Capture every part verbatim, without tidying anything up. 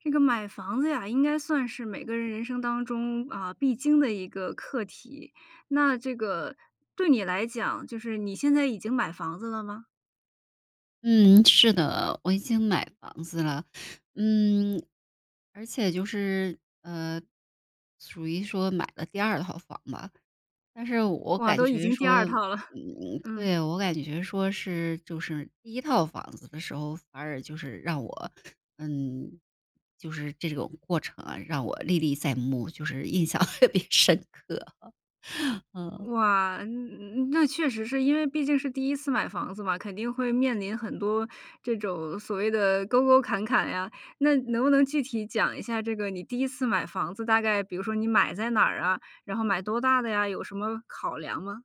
这个买房子呀，应该算是每个人人生当中啊，必经的一个课题，那这个对你来讲，就是你现在已经买房子了吗？嗯，是的，我已经买房子了。嗯，而且就是，呃，属于说买了第二套房吧。但是我哇，感都已觉经第说，二套了。嗯，嗯。对，我感觉说是，就是第一套房子的时候，反耳就是让我，嗯，就是这种过程啊，让我历历在目，就是印象特别深刻，嗯。哇，嗯嗯，那确实是因为毕竟是第一次买房子嘛，肯定会面临很多这种所谓的沟沟坎坎呀。那能不能具体讲一下这个你第一次买房子，大概比如说你买在哪儿啊？然后买多大的呀？有什么考量吗？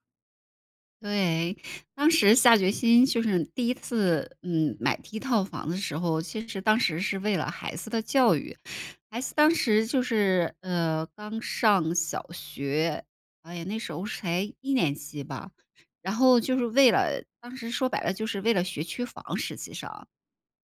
对。当时下决心就是第一次，嗯，买第一套房的时候，其实当时是为了孩子的教育。孩子当时就是，呃，刚上小学，哎呀，那时候是才一年级吧，然后就是为了当时说白了就是为了学区房实际上。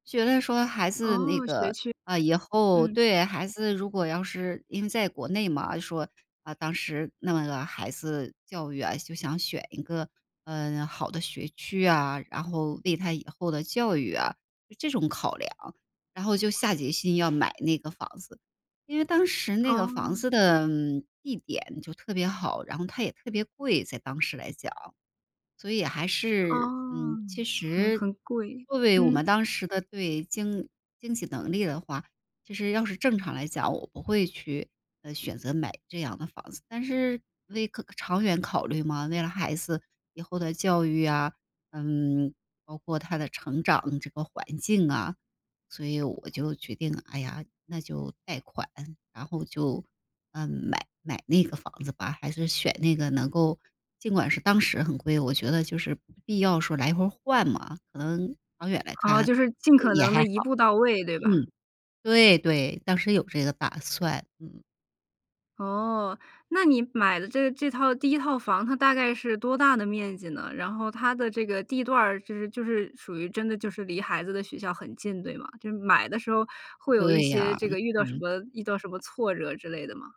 觉得说孩子那哦，学个，区。啊，以后，嗯。对孩子如果要是因为在国内嘛，啊，就说，啊，当时弄个孩子教育啊，就想选一个，嗯，好的学区呀，然后为他以后的教育啊是这种考量，然后就下决心要买那个房子。因为当时那个房哦。子的，嗯，地点就特别好，然后它也特别贵-在当时来讲。所以还是，哦，嗯，其很实很贵，作为我们嗯。当时的，对经经济能力的话，其实要是正常来讲，我不会去，呃，选择买这样的房子。但是为考长远考虑嘛，为了孩子以后的教育呀，嗯，包括他的成长这个环境啊，所以我就决定，哎呀，那就贷款，然后就，嗯，买买那个房子吧，还是选那个能够，尽管是当时很贵，我觉得就是必要时候来回换嘛，可能长远来啊，看就是尽也可也能还地一好。步到位，对吧？嗯，对，对，当时有这个打算，嗯。哦，那你买的这这套第一套房，它大概是多大的面积呢？然后它的这个地段儿就是就是属于真的就是离孩子的学校很近，对吗？就是买的时候会有一对些呀，这个遇到什嗯。么遇到什么挫折之类的吗？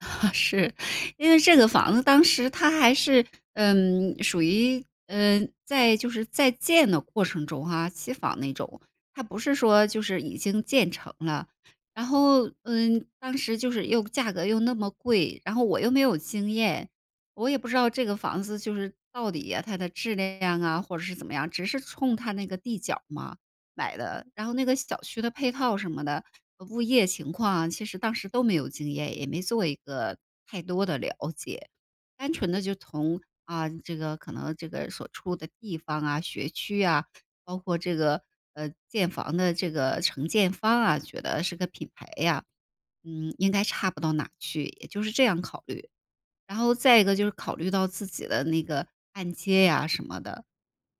是。因为这个房子当时它还是，嗯，属于嗯，在就是在建的过程中啊，期房那种。它不是说就是已经建成了。然后，嗯，当时就是又价格又那么贵，然后我又没有经验，我也不知道这个房子就是到底呀它的质量啊，或者是怎么样，只是冲它那个地角儿嘛买的。然后那个小区的配套什么的，呃物业情况啊，其实当时都没有经验，也没做一个太多的了解。单纯地就从啊，这个可能这个所处的地方啊，学区呀，包括这个，呃，建房的这个承建方啊，觉得是个品牌呀，嗯应该差不到哪去，也就是这样考虑。然后再一个就是考虑到自己的那个按揭呀什么的。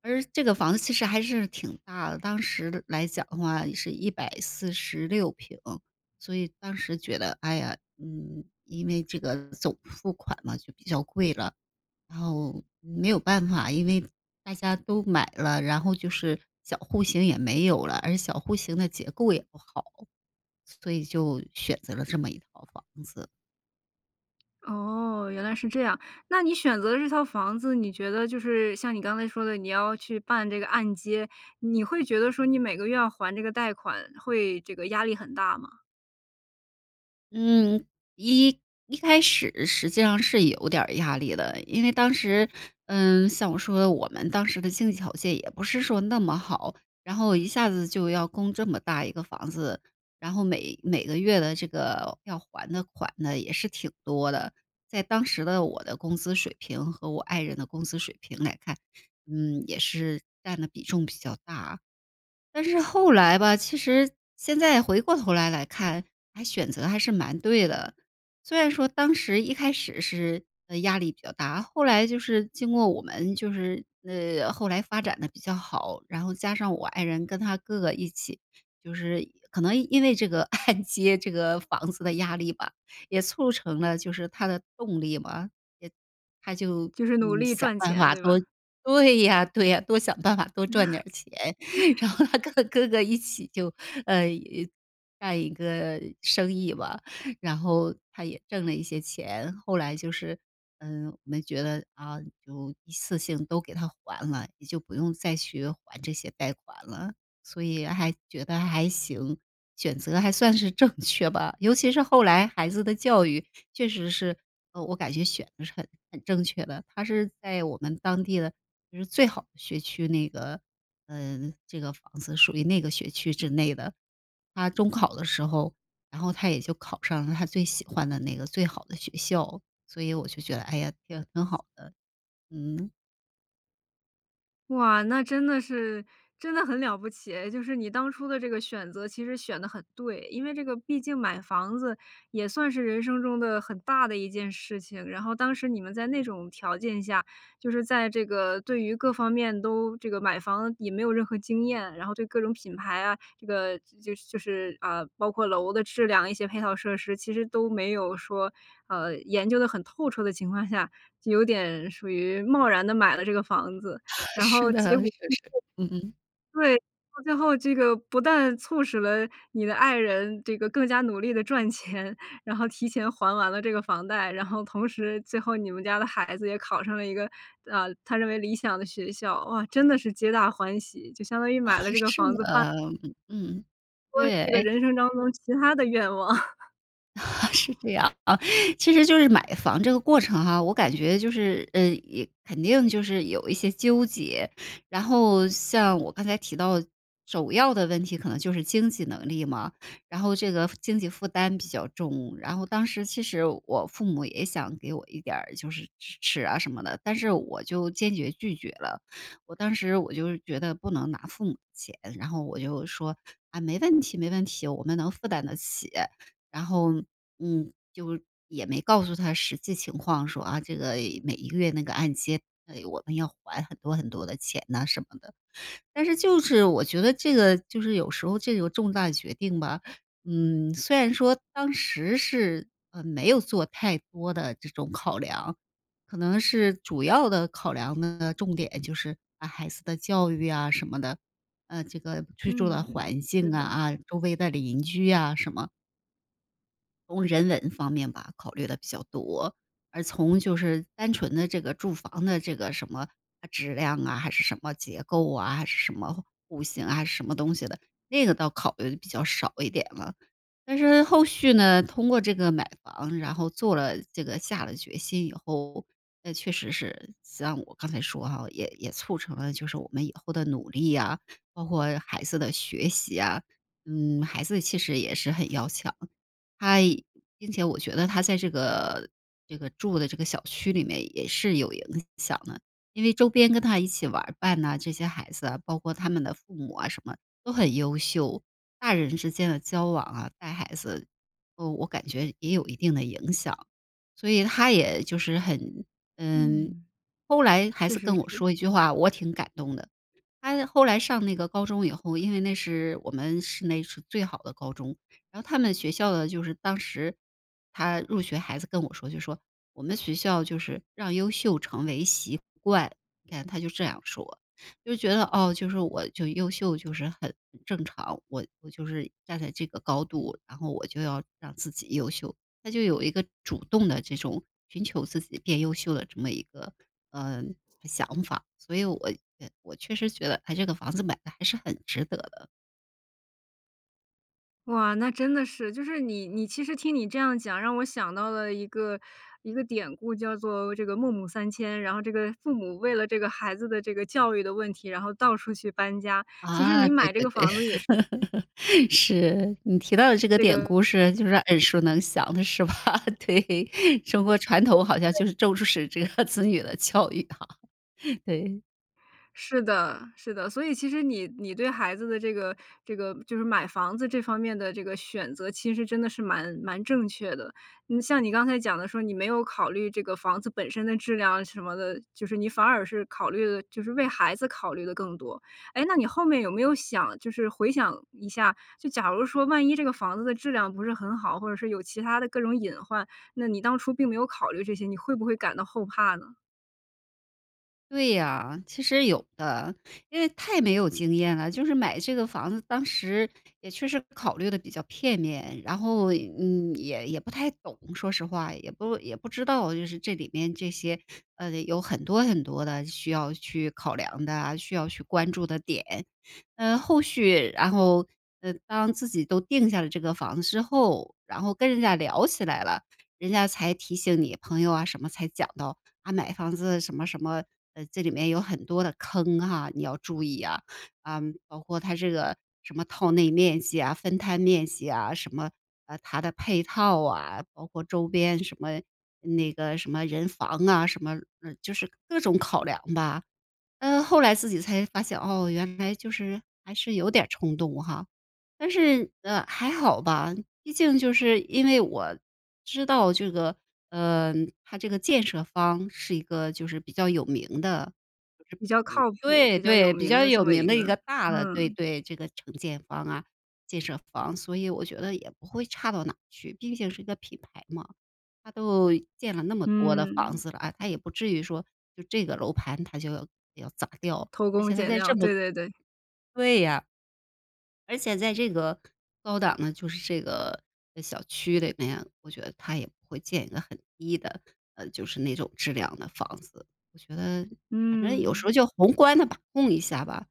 而这个房子其实还是挺大的，当时来讲的话也是一百四十六平。所以当时觉得，哎呀，嗯，因为这个总付款嘛，就比较贵了。然后没有办法，因为大家都买了，然后就是小户型也没有了，而小户型的结构也不好，所以就选择了这么一套房子。哦，原来是这样，那你选择这套房子，你觉得就是像你刚才说的你要去办这个按揭，你会觉得说你每个月要还这个贷款会这个压力很大吗？嗯，一一开始实际上是有点儿压力的，因为当时嗯，像我说的，我们当时的经济条件也不是说那么好，然后一下子就要供这么大一个房子，然后每每个月的这个要还的款呢，也是挺多的。在当时的我的工资水平和我爱人的工资水平来看，嗯，也是占的比重比较大。但是后来吧，其实现在回过头来来看，还选择还是蛮对的。虽然说当时一开始是，呃，压力比较大，后来就是经过我们就是呃后来发展得比较好，然后加上我爱人跟他哥哥一起。就是可能因为这个按揭这个房子的压力吧，也促成了就是他的动力嘛，也他就就是努嗯，力想赚办钱，法对多吧？对呀，对呀，多想办法多赚点儿钱，然 后他跟哥哥一起就呃一，干一个生意吧，然后他也挣了一些钱。后来就是嗯我们觉得啊，就一次性都给它还了，你就不用再去还这些贷款了，所以还觉得还行，选择还算是正确吧。尤其是后来孩子的教育确实是，呃，我感觉选得是很很正确的，它是在我们当地的就是最好的学区，那个，呃，这个房子属于那个学区之内的。他中考的时候，然后他也就考上了他最喜欢的那个最好的学校，所以我就觉得，哎呀，挺挺好的，嗯。哇，那真的是真的很了不起哎，就是你当初的这个选择其实选得很对。因为这个毕竟买房子也算是人生中的很大的一件事情，然后当时你们在那种条件下，就是在这个对于各方面都这个买房也没有任何经验，然后对各种品牌啊，这个就是就是，啊，包括楼的质量，一些配套设施其实都没有说，啊，研究得很透彻的情况下，就有点属于贸然地买了这个房子，然是后结的，是果 [unintelligible] 是，嗯嗯。对，到最后这个不但促使了你的爱人这个更加努力地赚钱，然后提前还完了这个房贷，然后同时最后你们家的孩子也考上了一个，呃，他认为理想的学校。哇，真的是皆大欢喜，就相当于买了这 个是房的，子办嗯，说对，这个诶人生当中其它的愿望。是 这样啊。其实就是买房这个过程哈，我感觉就是呃，呃，肯定就是有一些纠结。然后像我刚才提到首要的问题，可能就是经济能力嘛。然后这个经济负担比较重，然后当时其实我父母也想给我一点儿，就是支持啊什么的，但是我就坚决拒绝了。我当时我就是觉得不能拿父母的钱，然后我就说：“啊，没问题，没问题，我们能负担得起。”然后，嗯，就也没告诉他实际情况说，啊，这个每一个月那个按揭，唉，我们要还很多很多的钱呐，什么的。但是就是我觉得这个就是有时候这个重大决定吧，嗯，虽然说当时是，呃，没有做太多的这种考量，可能是主要的考量呢，重点就是把孩子的教育啊什么的，呃，这个居住嗯的嗯，环是境的。啊，周围的邻居啊什么从人文方面吧，考虑得比较多，而从就是单纯的这个住房的这个什么啊质量啊、还是什么结构啊、还是什么户型啊什么东西的，那个倒考虑得比较少一点了。但是后续呢，通过这个买房，然后做了这个下了决心以后，那确实是像我刚才说哈，也也促成了就是我们以后的努力啊，包括孩子的学习啊。嗯，孩子其实也是很要强，他并且我觉得他在这个这个住的这个小区里面也是有影响的，因为周边跟他一起玩儿伴啊，这些孩子啊，包括他们的父母啊什么，都很优秀。大人之间的交往啊，带孩子，呃我感觉也有一定的影响。所以他也就是很嗯，嗯。后来孩确子实跟我是。说一句话，我挺感动的。他后来上那个高中以后，因为那是我们市内是最好的高中，然后他们学校呢，就是当时他入学孩子跟我说就说：“我们学校就是让优秀成为习惯。”你看，他就这样说，就是觉得哦，就是我就优秀就是很正常，我我就是站在这个高度，然后我就要让自己优秀。他就有一个主动地这种寻求自己变优秀的这么一个，呃，想法，所以我呃我确实觉得它这个房子买的还是很值得的。哇，那真的是。就是你你其实听你这样讲，让我想到了一个一个典故，叫做这个《孟母三迁》。然后这个父母为了这个孩子的这个教育的问题，然后到处去搬家，其实啊，你对买这对个对，房子也是。是。你提到的这个这典个故，是就是耳熟能详的是吧？对，中国传统好像 [unintelligible] 就是重视这个子女的教育哈，对。是的是的。所以其实你你对孩子的这个这个，就是买房子这方面的这个选择其实真的是蛮蛮正确的。嗯像你刚才讲的说，你没有考虑这个房子本身的质量什么的，就是你反耳是考虑的就是为孩子考虑得更多。诶那你后面有没有想就是回想一下，就假如说万一这个房子的质量不是很好，或者说有其它的各种隐患，那你当初并没有考虑这些，你会不会感到后怕呢？对呀，其实有的，因为太没有经验了。就是买这个房子当时也确实考虑得比较片面，然后嗯也也不太懂说实话，也不也不知道，就是这里面这些呃有很多很多的需要去考量的啊，需要去关注的点。嗯后续然后呃当自己都定下了这个房子之后，然后跟人家聊起来了，人家才提醒你，朋友啊什么才讲到，啊买房子什么什么，呃这里面有很多的坑哈，你要注意啊，啊包括它这个什么套内面积啊、分摊面积啊，什么啊它的配套啊，包括周边什么那个什么人防啊，什么呃就是各种考量吧。呃后来自己才发现哦，原来就是还是有点儿冲动哈，但是呃还好吧，毕竟就是因为我知道，这个嗯它这个建设方，是一个就是比较有名的，比较就是嗯靠谱、对比较对，有比名较的这有么名一的个一个大的对嗯。对，这个承建方啊，建设方，所以我觉得也不会差到哪去，毕竟是一个品牌嘛。它都建了那么多的房嗯。子了，啊它也不至于说就这个楼盘它就要要砸掉，偷而工且它减在料，这么对对对。对呀。而且在这个高档的就是这个小区里面，我觉得它也不会建一个很低的呃就是那种质量的房子。我觉得反正有时嗯。候就宏观地把控一下吧，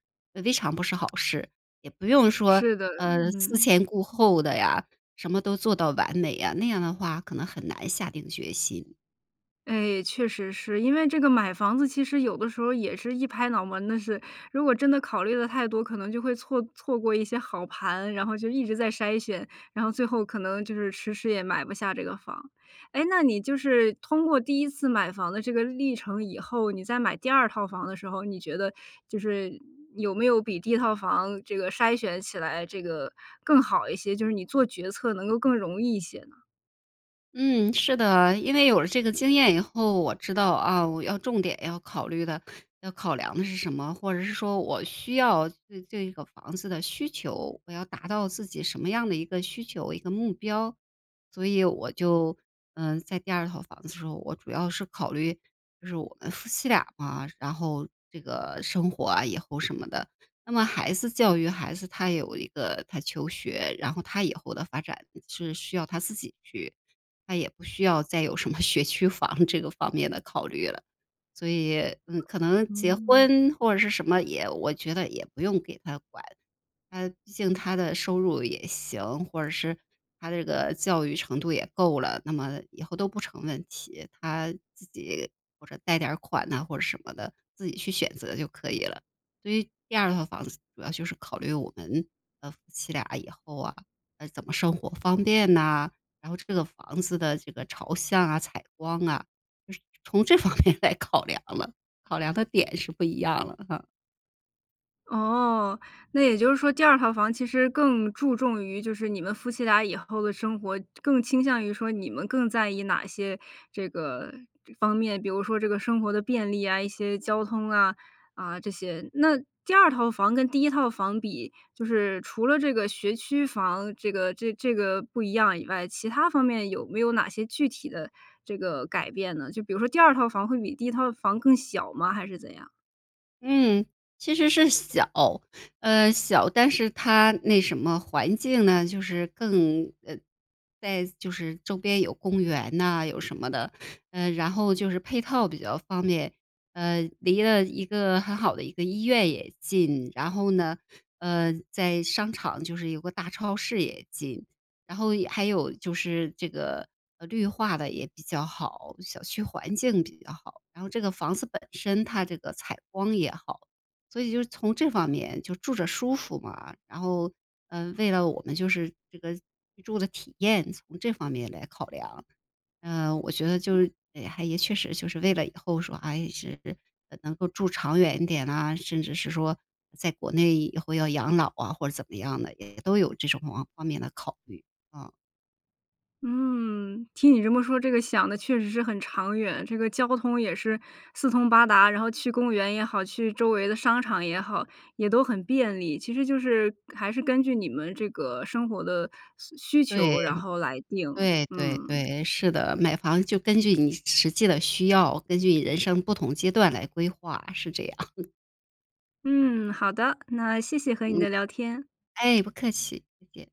未尝不是好事，也不用说是的，呃思嗯。前顾后的呀，什么都做到完美呀，那样的话可能很难下定决心。哎，确实是。因为这个买房子其实有的时候也是一拍脑门的事。如果真的考虑得太多，可能就会错错过一些好盘，然后就一直在筛选，然后最后可能就是迟迟也买不下这个房。诶，那你就是通过第一次买房的这个历程以后，你再买第二套房的时候，你觉得就是，有没有比第一套房这个筛选起来这个更好一些，就是你做决策能够更容易一些呢？嗯，是的。因为有了这个经验以后，我知道啊，我要重点要考虑的要考量的是什么。或者是说我需要对这个房子的需求，我要达到自己什么样的一个需求，一个目标。所以我就，嗯，在第二套房子的时候，我主要是考虑就是我们夫妻俩嘛，然后这个生活啊以后什么的。那么孩子教育孩子，他有一个他求学，然后他以后的发展是需要他自己去，他也不需要再有什么学区房这个方面的考虑了。所以嗯可能结嗯。婚或者是什么，也我觉得也不用给他管。他毕竟他的收入也行，或者是他这个教育程度也够了，那么以后都不成问题。他自己或者贷点儿款呐或者什么的，自己去选择就可以了。所以第二套房子主要就是考虑我们，呃，夫妻俩以后啊，啊怎么生活方便呐，然后这个房子的这个朝向啊、采光啊，就是从这方面来考量了，考量的点是不一样了啊。哦，那也就是说第二套房其实更注重于就是你们夫妻俩以后的生活，更倾向于说你们更在意哪些这个方面？比如说这个生活的便利啊，一些交通啊，啊这些。那第二套房跟第一套房比，就是除了这个学区房这个这这个不一样以外，其他方面有没有哪些具体的这个改变呢？就比如说第二套房会比第一套房更小吗？还是怎样？嗯。其实是小，呃，小，但是它那什么环境呢，就是更呃，在就是周边有公园呐有什么的。呃然后就是配套比较方便，呃离了一个很好的一个医院也近。然后呢，呃，在商场就是有个大超市也近，然后也还有就是这个，绿化得也比较好，小区环境比较好，然后这个房子本身它这个采光也好，所以就是从这方面就住着舒服嘛。然后呃为了我们就是这个居住的体验，从这方面来考量。呃，我觉得就是还也确实就是为了以后说还是能够住长远一点啊，甚至是说在国内以后要养老啊，或者怎么样的，也都有这种方面的考虑，嗯。嗯，听你这么说，这个想得确实是很长远。这个交通也是四通八达，然后去公园也好，去周围的商场也好，也都很便利。其实就是还是根据你们这个生活的需需对。求，然后来定，对，对，嗯。对，是的。买房就根据你实际的需要，根据你人生不同阶段来规划，是这样。嗯，好的。那谢谢和你嗯。的聊天。哎，不客气，再见。